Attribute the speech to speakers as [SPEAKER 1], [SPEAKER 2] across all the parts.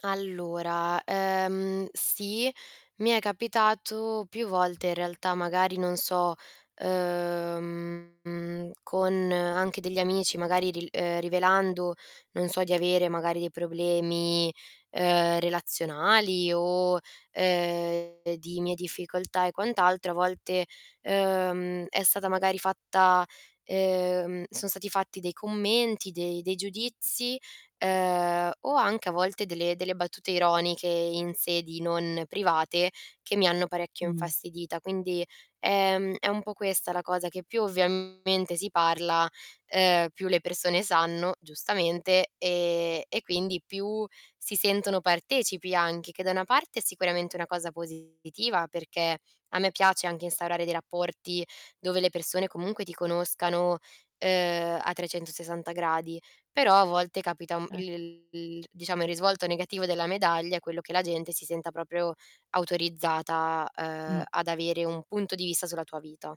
[SPEAKER 1] Allora, ehm, sì, mi è capitato più volte in realtà, magari non so, uhm, con anche degli amici, magari ri ehm, rivelando, non so, di avere magari dei problemi, ehm, relazionali o, ehm, di mie difficoltà e quant'altro, a volte, ehm, è stata magari fatta ehm, son stati fatti dei commenti, dei dei giudizi, ehm, o anche a volte delle delle battute ironiche in sedi non private, che mi hanno parecchio
[SPEAKER 2] Mh.
[SPEAKER 1] infastidita. Quindi, ehm, è un po' questa la cosa che più ovviamente si parla, ehm, più le persone sanno, giustamente, ehm, e quindi più si sentono partecipi anche, che da una parte è sicuramente una cosa positiva, perché a me piace anche instaurare dei rapporti dove le persone comunque ti conoscano, ehm, a 360 gradi. Però a volte capita, mhmm,
[SPEAKER 2] Er
[SPEAKER 1] il il diciamo, il risvolto negativo della medaglia è quello che la gente si senta proprio autorizzata, ehm,
[SPEAKER 2] Mh.
[SPEAKER 1] ad avere un punto di vista sulla tua vita.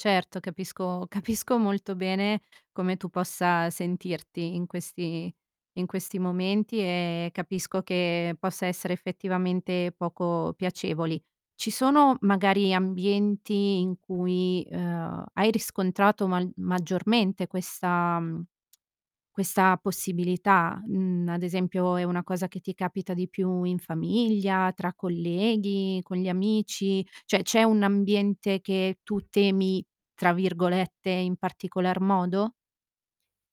[SPEAKER 2] Certo, capisco, capisco molto bene come tu possa sentirti in questi in questi momenti, e capisco che possa essere effettivamente poco piacevoli. Ci sono magari ambienti in cui, uhm, hai riscontrato mal maggiormente questa mhmm, questa possibilità? Mhmm, ad esempio è una cosa che ti capita di più in famiglia, tra colleghi, con gli amici? Cioè c'è un ambiente che tu "temi", tra virgolette, in particolar modo?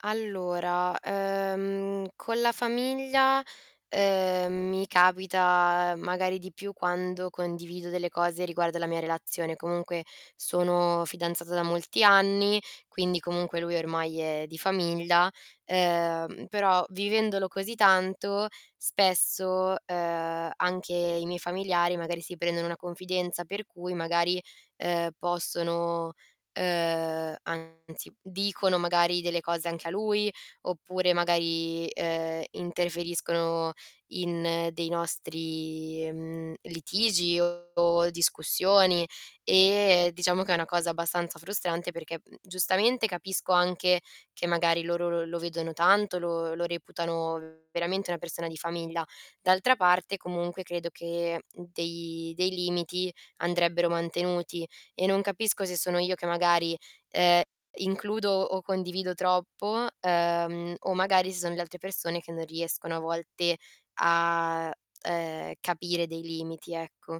[SPEAKER 1] Allora, ehm, con la famiglia, ehm, mi capita magari di più quando condivido delle cose riguardo la mia relazione. Comunque sono fidanzata da molti anni, quindi comunque lui ormai è di famiglia, ehm, però vivendolo così tanto, spesso, ehm, anche i miei familiari magari si prendono una confidenza, per cui magari, ehm, possono ehm, anzi dicono magari delle cose anche a lui, oppure magari, ehm, interferiscono in dei nostri, mhmm, litigi o discussioni. E diciamo che è una cosa abbastanza frustrante perché, mhmm, giustamente, capisco anche che magari loro lo lo vedono tanto, lo lo reputano veramente una persona di famiglia. D'altra parte comunque credo che dei dei limiti andrebbero mantenuti e non capisco se sono io che magari, ehm, includo o condivido troppo, ehm, o magari se son le altre persone che non riescono a volte a, ehm, capire dei limiti, ecco.